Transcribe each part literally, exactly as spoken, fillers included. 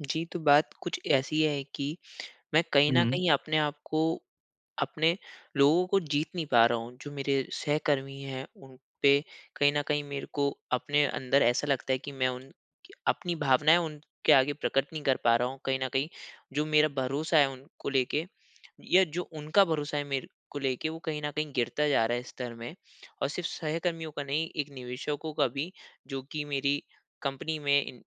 जी, तो बात कुछ ऐसी है कि मैं कहीं न हुँ। कहीं अपने आप को अपने लोगों को जीत नहीं पा रहा हूँ। जो मेरे सहकर्मी हैं, उन पे कहीं न कहीं मेरे को अपने अंदर ऐसा लगता है कि मैं उन क अपनी भावनाएँ उनके आगे प्रकट नहीं कर पा रहा हूँ, कहीं न कहीं। जो मेरा भरोसा है, उनको लेके या जो उनका भरोसा है, मेरे को लेके, वो कहीं न कहीं गिरता जा रहा है स्तर में और सिर्फ़ सहकर्मियों का नहीं, एक निवेशकों का भी, जो कि मेरी कंपनी में इन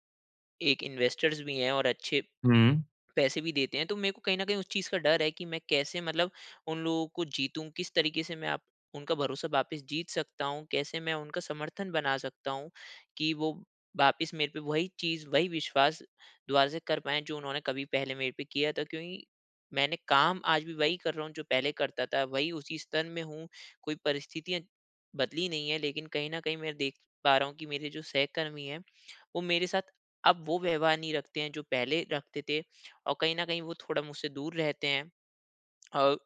एक इन्वेस्टर्स भी हैं और अच्छे हुँ। पैसे भी देते हैं। तो मेरे को कहीं न कहीं उस चीज़ का डर है कि मैं कैसे मतलब उन लोगों को जीतूँ? किस तरीके से मैं आप उनका भरोसा वापिस जीत सकता हूँ? कैसे मैं उनका समर्थन बना सकता हूँ कि वो वापिस मेरे पे वही चीज़, वही विश्वास दुबारा से कर पाएँ, जो उन्होंने कभी पहले मेरे पे किया था? क्योंकि मैंने काम आज भी वही कर रहा हूँ, जो पहले करता था। वही उसी स्तर में हूँ, कोई परिस्थितियाँ बदली नहीं हैं, लेकिन कहीं न कहीं मैं देख पा रहा हूँ कि मेरे जो सहकर्मी हैं, वो मेरे साथ अब वो व्यवहार नहीं रखते हैं, जो पहले रखते थे और कहीं न कहीं वो थोड़ा मुझसे दूर रहते हैं। अ,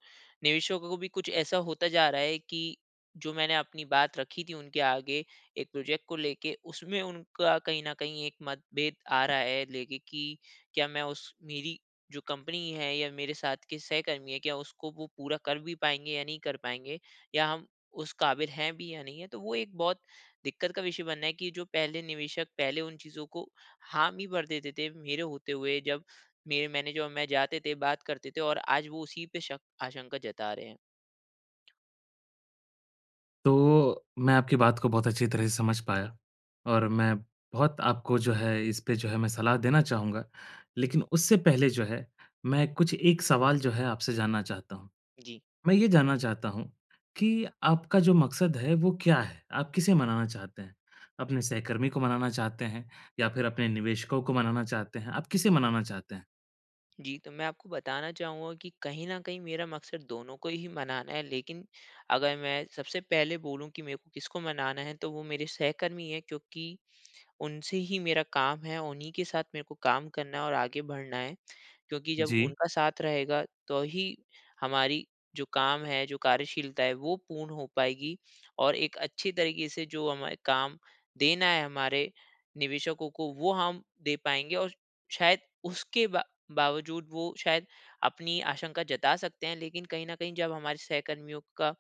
निवेशकों को भी कुछ ऐसा होता जा रहा है कि जो मैंने अपनी बात रखी थी उनके आगे, एक प्रोजेक्ट को लेके, उसमें उनका कहीं न कहीं एक मतभेद आ रहा है, लेके कि क्या मैं उस मेरी जो कंपनी है या मेरे साथ के सहकर्मी हैं, क्या उसको वो पूरा कर भी पाएँगे या नहीं कर पाएँगे, या हम उस काबिल हैं भी या नहीं हैं? तो वो एक बहुत दिक्कत का विषय बना है कि जो पहले निवेशक पहले उन चीज़ों को हामी भर देते थे, मेरे होते हुए, जब मेरे मैनेजर और मैं जाते थे, बात करते थे और आज वो उसी पे शक आशंका जता रहे हैं। तो मैं आपकी बात को बहुत अच्छी तरह से समझ जी। पाया और मैं बहुत आपको जो है, इसपे जो है, मैं सलाह देना चाहूँगा। लेकिन उससे पहले जो है, मैं कुछ एक सवाल जो है, आपसे जानना चाहता हूँ। जी। मैं ये जानना चाहता हूँ कि आपका जो मकसद है, वो क्या है? आप किसे मनाना चाहते हैं? अपने सहकर्मी को मनाना चाहते हैं या फिर अपने निवेशकों को मनाना चाहते हैं? आप किसे मनाना चाहते हैं? जी, तो मैं आपको बताना चाहूँगा कि कहीं न कहीं मेरा मकसद दोनों को ही मनाना है, लेकिन अगर मैं सबसे पहले बोलूँ कि मेरे को किसको मनाना है, तो वो मेरे सहकर्मी हैं। क्योंकि उनसे ही मेरा काम है, उन्हीं के साथ मेरे को काम करना है और आगे बढ़ना है। क्योंकि जब जी। उनका साथ रहेगा, तो ही हमारी जो काम है, जो कार्यशीलता है, वो पूर्ण हो पाएगी और एक अच्छी तरीके से जो हमें अ, काम देना है हमारे निवेशकों को, वो हम दे पाएँगे और शायद उसके बा बावजूद, वो शायद अपनी आशंका जता सकते हैं। लेकिन कहीं न कहीं जब हमारे सहकर्मियों का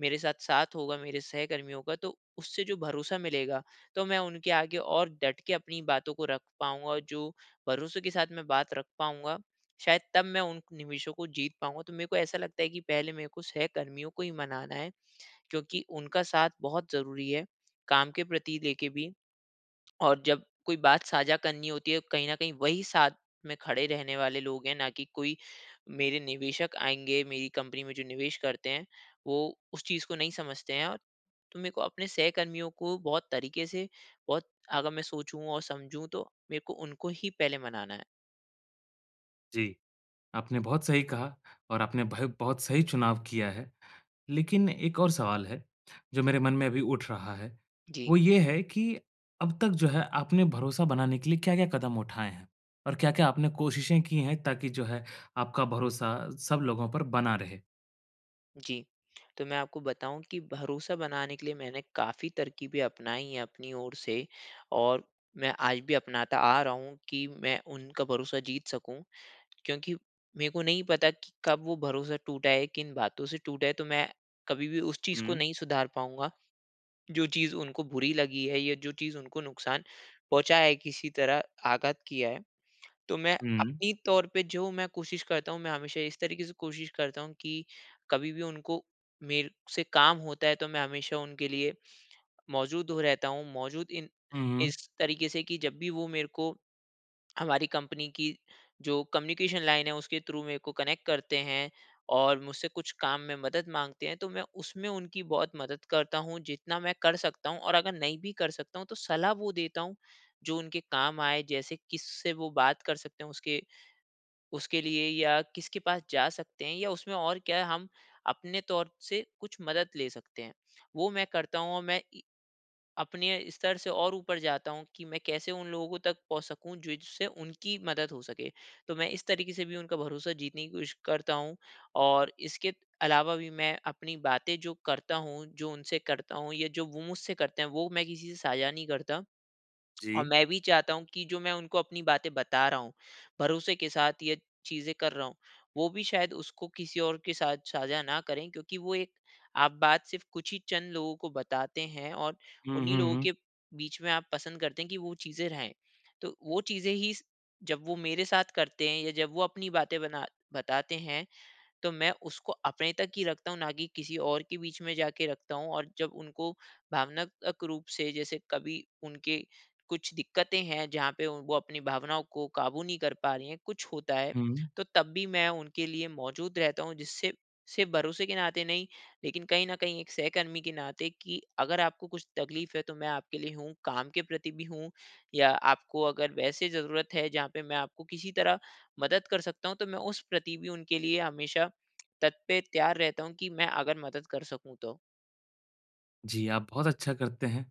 मेरे साथ साथ होगा मेरे सहकर्मियों का, तो उससे जो भरोसा मिलेगा, तो मैं उनके आगे और डट के अपनी बातों को रख पाऊँगा, जो भरोसे के साथ मैं बात रख पाऊँगा, शायद तब मैं उन निवेशों को जीत पाऊँगा। तो मेरे को ऐसा लगता है कि पहले मेरे को सहकर्मियों को ही मनाना है, क्योंकि उनका साथ बहुत ज़रूरी है, काम के प्रति लेके भी, और जब कोई बात साझा करनी होती है, कहीं न कहीं वही साथ में खड़े रहने वाले लोग हैं, ना कि कोई मेरे निवेशक आएँगे, मेरी कंपनी में जो निवेश करते हैं, वो उस चीज़ को नहीं समझते हैं। और तो मेरे को अपने सहकर्मियों को बहुत तरीके से बहुत अगर मैं सोचूँ और समझूँ, तो मेरे को उनको ही पहले मनाना है। जी। आपने बहुत सही कहा और आपने भयो बहुत सही चुनाव किया है। लेकिन एक और सवाल है, जो मेरे मन में अभी उठ रहा है। जी। वो ये है कि अब तक जो है आपने भरोसा बनाने के लिए क्या-क्या कदम उठाए हैं? और क्या-क्या आपने कोशिशें की है ताकि जो है आपका भरोसा सब लोगों पर बना रहे? जी। तो मैं आपको बताऊँ कि भरोसा बनाने के लिए मैंने काफ़ी तरकीबें अपनाई है अपनी ओर से और मैं आज भी अपनाता आ रहा हूँ कि मैं उनका भरोसा जीत सकूँ। क्योंकि मेरे को नहीं पता कि कब वो भरोसा टूटा है, किन बातों से टूटा है तो मैं कभी भी उस चीज़ को हुँ। नहीं सुधार पाऊँगा जो चीज़ उनको बुरी लगी है या जो चीज़ उनको नुकसान पहुँचा है, किसी तरह आघात किया है। तो मैं हुँ। अपनी तौर पे जो मैं कोशिश करता हूँ मैं हमेशा इस तरीके से कोशिश करता हूँ कि कभी भी उनको मेरे से काम होता है तो मैं हमेशा उनके लिए मौजूद हो रहता हूँ। मौजूद इन हुँ, हुँ। इस तरीके से कि जब भी वो मेरे को, हमारी कंपनी की जो कम्युनिकेशन लाइन है उसके थ्रू मेरे को कनेक्ट करते हैं और मुझसे कुछ काम में मदद माँगते हैं तो मैं उसमें उनकी बहुत मदद करता हूँ जितना मैं कर सकता हूँ। और अगर नहीं भी कर सकता हूँ तो सलाह वो देता हूँ जो उनके काम आए। जैसे किससे वो बात कर सकते हैं उसके उसके लिए या किसके पास जा सकते हैं या उसमें और क्या हम अपने तौर से कुछ मदद ले सकते हैं। वो मैं करता हूँ। और मैं इ अपने स्तर से और ऊपर जाता हूँ कि मैं कैसे उन लोगों तक पहुँच सकूँ जिससे उनकी मदद हो सके। तो मैं इस तरीके से भी उनका भरोसा जीतने की कोशिश करता हूँ। और इसके अलावा भी मैं अपनी बातें जो करता हूँ जो उनसे करता हूँ या जो वो मुझसे करते हैं वो मैं किसी से साझा नहीं करता। और जी। मैं भी चाहता हूँ कि जो मैं उनको अपनी बातें बता रहा हूँ भरोसे के साथ ये चीज़ें कर रहा हूँ वो भी शायद उसको किसी और के साथ साझा न करे। क्योंकि वो एक आप बात सिर्फ़ कुछ ही चंद लोगों को बताते हैं और हुँ, उन्हीं हुँ, लोगों हुँ। के बीच में आप पसंद करते है कि वो चीज़ें रहे। तो वो चीज़ें ही जब वो मेरे साथ करते है या जब वो अपनी बातें बना बताते हैं तो मैं उसको अपने तक ही रखता हूँ ना कि किसी और के बीच में जाके रखता हूँ। और जब उनको भावनात्मक रूप से जैसे कभी उनके कुछ दिक्कतें हैं जहाँ पे वो अपनी भावनाओं को काबू नहीं कर पा रही है कुछ होता है हुँ। तो तब भी मैं उनके लिए मौजूद रहता हूँ। जिससे सिर्फ़ भरोसे के नाते नहीं लेकिन कहीं न कहीं एक सहकर्मी के नाते कि अगर आपको कुछ तकलीफ़ है तो मैं आपके लिए हूँ। काम के प्रति भी हूँ या आपको अगर वैसे ज़रूरत है जहाँ पे मैं आपको किसी तरह मदद कर सकता हूँ। तो मैं उस प्रति भी उनके लिए हमेशा तत् पे तैयार रहता हूँ कि मैं अगर मदद कर सकूँ तो। जी आप बहुत अच्छा करते हैं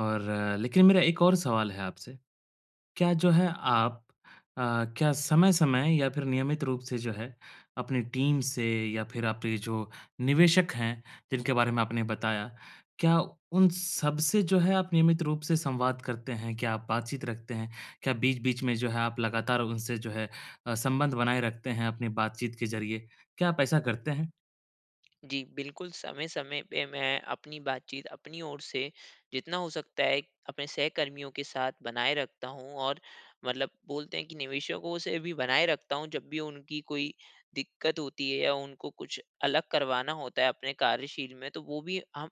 और लेकिन मेरा एक और सवाल है आपसे। क्या जो है आप अ, क्या समय-समय या फ़िर नियमित रूप से जो है अपनी टीम से या फ़िर आपके जो निवेशक हैं जिनके बारे में आपने बताया, क्या उन सबसे जो है आप नियमित रूप से संवाद करते हैं? क्या आप बातचीत रखते हैं? क्या बीच-बीच में जो है आप लगातार उनसे जो है अ, संबंध बनाए रखते हैं अपनी बातचीत के ज़रिए? क्या आप ऐसा करते हैं? जी बिल्कुल समय-समय पे मैं अपनी बातचीत अपनी ओर से जितना हो सकता है अपने सहकर्मियों के साथ बनाए रखता हूँ और मतलब बोलते हैं कि निवेशकों से भी बनाए रखता हूँ जब भी उनकी कोई दिक़्क़त होती है या उनको कुछ अलग करवाना होता है अपने कार्यशील में तो वो भी हम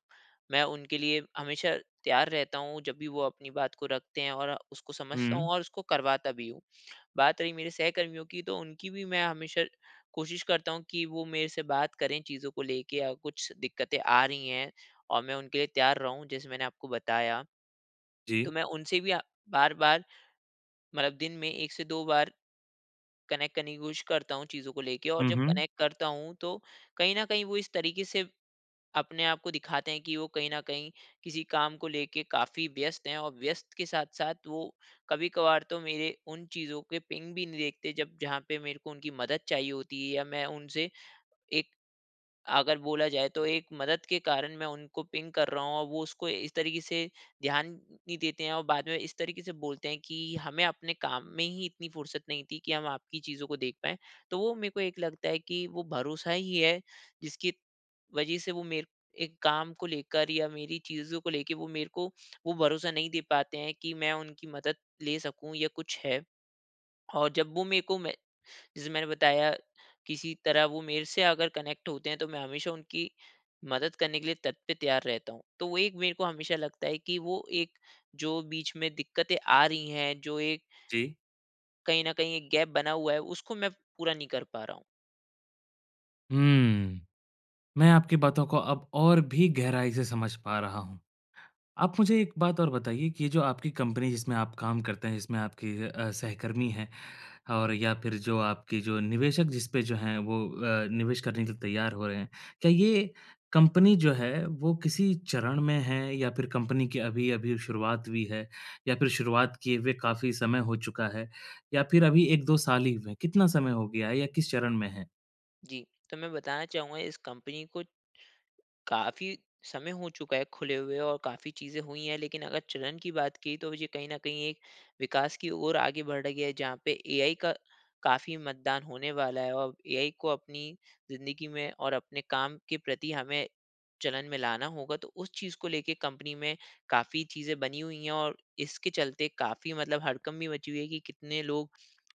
मैं उनके लिए हमेशा तैयार रहता हूँ जब भी वो अपनी बात को रखते हैं और उसको समझता हूँ हुँ। और उसको करवाता भी हूँ। बात रही मेरे सहकर्मियों की तो उनकी भी मैं हमेशा कोशिश करता हूँ कि वो मेरे से बात करें चीज़ों को लेके या कुछ दिक्क़तें आ रही हैं और मैं उनके लिए तैयार रहूँ जैसे मैंने आपको बताया। तो जी। मैं उनसे भी अ, बार-बार मतलब दिन में एक से दो बार कनेक्ट करने की कोशिश करता हूँ चीज़ों को लेके और हुँ, जब हुँ। कनेक्ट करता हूँ तो कहीं न कहीं वो इस तरीके से अपने आपको दिखाते हैं कि वो कहीं न कहीं किसी काम को लेके काफ़ी व्यस्त हैं और व्यस्त के साथ-साथ वो कभी-कभार तो मेरे उन चीज़ों के पिंग भी नहीं देखते जब जहाँ पे मेरे को उनकी मदद चाहिए होती है या मैं उनसे एक अगर बोला जाए तो एक मदद के कारण मैं उनको पिंग कर रहा हूँ और वो उसको इस तरीके से ध्यान नहीं देते हैं और बाद में इस तरीके से बोलते हैं कि हमें अपने काम में ही इतनी फ़ुर्सत नहीं थी कि हम आपकी चीज़ों को देख पाएँ। तो वो मेरे को एक लगता है कि वो भरोसा ही है जिसकी वजह से वो मेरे एक काम को लेकर या मेरी चीज़ों को लेके वो मेरे को वो भरोसा नहीं दे पाते हैं कि मैं उनकी मदद ले सकूँ या कुछ है। और जब वो मेरे को मे जैसे मैंने बताया किसी तरह वो मेरे से अगर कनेक्ट होते हैं तो मैं हमेशा उनकी मदद करने के लिए तत् तैयार हूँ। तो वो एक मेरे को हमेशा लगता है कि वो एक जो बीच में दिक्क़तें आ रही हैं जो एक जी। कहीं न कहीं एक गैप बना हुआ है उसको मैं पूरा नहीं कर पा रहा हूँ। हुँ। मैं आपकी बातों को अब और भी गहराई से समझ पा रहा हूँ। आप मुझे एक बात और बताइए कि ये जो आपकी कंपनी, जिसमें आप काम करते हैं, जिसमें आपके अ, सहकर्मी हैं और या फिर जो आपके जो निवेशक जिस पे जो हैं, वो अ, निवेश करने के लिए तैयार हो रहे हैं। क्या ये कंपनी जो है, वो किसी चरण में है या फिर कंपनी की अभी-अभी शुरुआत हुई है? या फिर शुरुआत किए हुए काफ़ी समय हो चुका है या फिर अभी एक दो साल ही हुए हैं? कितना समय हो गया है या किस चरण में है? जी। तो मैं बताना चाहूँगा, इस कंपनी को काफ़ी समय हो चुका है, खुले हुए और काफ़ी चीज़ें हुई हैं। लेकिन अगर चलन की बात की, तो ये कहीं न कहीं एक विकास की ओर आगे बढ़ रही है, जहाँ पे एआई का काफ़ी मतदान होने वाला है औ एआई को अपनी ज़िंदगी में और अपने काम के प्रति हमें चलन में लाना होगा, तो उस चीज़ को लेके कंपनी में काफ़ी चीज़ें बनी हुई हैं और इसके चलते काफ़ी मतलब हड़कंप भी मची हुई है कि कितने लोग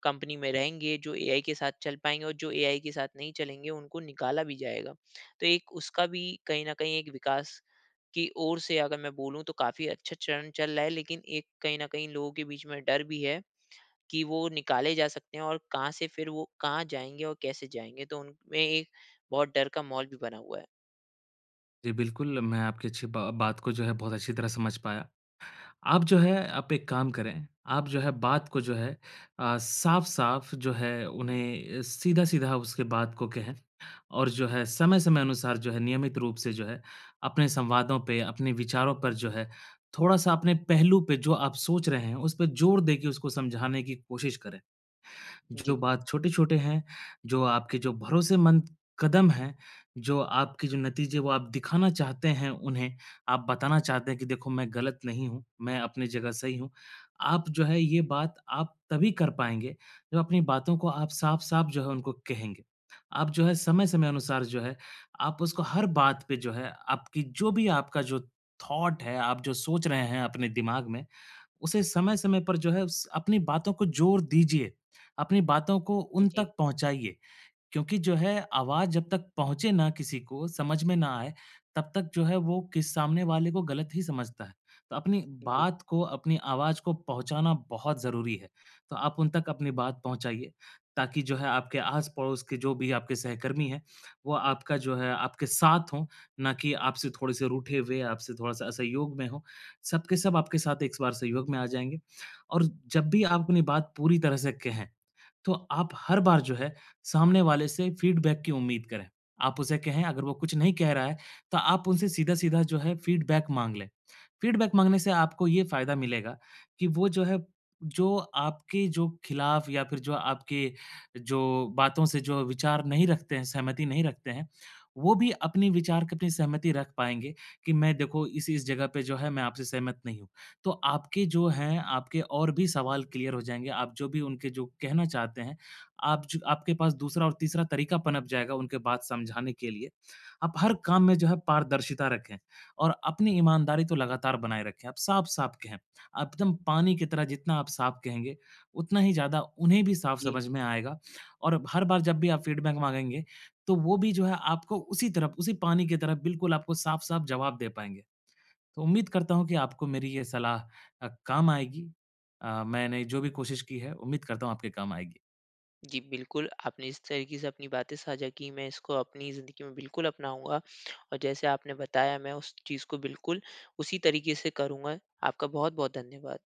कंपनी में रहेंगे, जो एआई के साथ चल पाएँगे और जो एआई के साथ नहीं चलेंगे, उनको निकाला भी जाएगा। तो एक उसका भी कहीं न कहीं एक विकास की ओर से अगर मैं बोलूँ, तो काफ़ी अच्छा चरण चल रहा है। लेकिन एक कहीं न कहीं लोगों के बीच में डर भी है कि वो निकाले जा सकते हैं और कहाँ से फिर वो कहाँ जाएँगे और कैसे जाएँगे। तो उनमें एक बहुत डर का माहौल भी बना हुआ है। जी, बिल्कुल। मैं आपकी अच्छी बा बात को जो है बहुत अच्छी तरह समझ पाया। आप जो है आप एक काम करें, आप जो है बात को जो है अ, साफ़-साफ़ जो है उन्हें सीधा-सीधा उसके बात को कहें। और जो है समय-समय अनुसार जो है नियमित रूप से जो है अपने संवादों पे अपने विचारों पर जो है थोड़ा-सा अपने पहलू पे जो आप सोच रहे हैं, उस पे ज़ोर देके उसको समझाने की कोशिश करें। जो जी। बात छोटे-छोटे हैं, जो आपके जो भरोसेमंद कदम हैं, जो आपके जो नतीजे वो आप दिखाना चाहते हैं उन्हें, आप बताना चाहते हैं कि देखो मैं गलत नहीं हूँ, मैं अपने जगह सही हूँ। आप जो है ये बात आप तभी कर पाएँगे जब अपनी बातों को आप साफ़-साफ़ जो है उनको कहेंगे। आप जो है समय-समय अनुसार जो है आप उसको हर बात पे जो है आपकी जो भी आपका जो थॉट है, आप जो सोच रहे हैं अपने दिमाग में, उसे समय-समय पर जो है स अपनी बातों को ज़ोर दीजिए, अपनी बातों को हुँ, उन जी। तक पहुँचाइए। क्योंकि जो है आवाज़ जब तक पहुँचे ना किसी को समझ में ना आए, तब तक जो है वो किस सामने वाले को गलत ही समझता है। त अपनी जी। बात को अपनी आवाज़ को पहुँचाना बहुत ज़रूरी है। तो आप उन तक अपनी बात पहुँचाइए, ताकि जो है आपके आस-पड़ोस के जो भी आपके सहकर्मी हैं, वो आपका जो है आपके साथ हो, ना कि आपसे थोड़े-से रूठे हुए आपसे थोड़ा-सा असहयोग में हों। सब के सब आपके साथ एक बार सहयोग में आ जाएँगे। और जब भी आप अपनी बात पूरी तरह से कहें तो आप हर बार जो है सामने वाले से फ़ीडबैक की उम्मीद करें। आप उसे कहें अगर वो कुछ नहीं कह रहा है, तो आप उनसे सीधा-सीधा जो है फीडबैक माँग लें। फ़ीडबैक माँगने से आपको ये फ़ायदा मिलेगा कि वो जो है जो आपके जो खिलाफ़ या फिर जो आपके जो बातों से जो विचार नहीं रखते हैं सहमति नहीं रखते हैं, वो भी अपने विचार की अपनी सहमति रख पाएँगे कि मैं देखो इस-इस जगह पे जो है मैं आपसे सहमत नहीं हूँ। तो आपके जो हैं आपके और भी सवाल क्लियर हो जाएँगे। आप जो भी उनके जो कहना चाहते हैं, आप छ आपके पास दूसरा और तीसरा तरीका पनप जाएगा उनके बात समझाने के लिए। आप हर काम में जो है पारदर्शिता रखें और अपनी ईमानदारी तो लगातार बनाए रखें। आप साफ़-साफ़ कहें। आप एकदम पानी की तरह जितना आप साफ़ कहेंगे, उतना ही ज़्यादा उन्हें भी साफ़ जी। समझ में आएगा। और हर बार जब भी आप फ़ीडबैक माँगेंगे तो वो भी जो है आपको उसी तरफ उसी पानी की तरह बिल्कुल आपको साफ़-साफ़ जवाब दे पाएँगे। तो उम्मीद करता हूँ कि आपको मेरी ये सलाह अ, काम आएगी अ, मैंने जो भी कोशिश की है, उम्मीद करता हूँ आपके काम आएगी। जी, बिल्कुल आपने इस तरीक़े से अपनी बातें साझा की मैं इसको अपनी ज़िंदगी में बिल्कुल अपनाऊँगा। और जैसे आपने बताया मैं उस चीज़ को बिल्कुल उसी तरीक़े से करूँगा। आपका बहुत-बहुत धन्यवाद।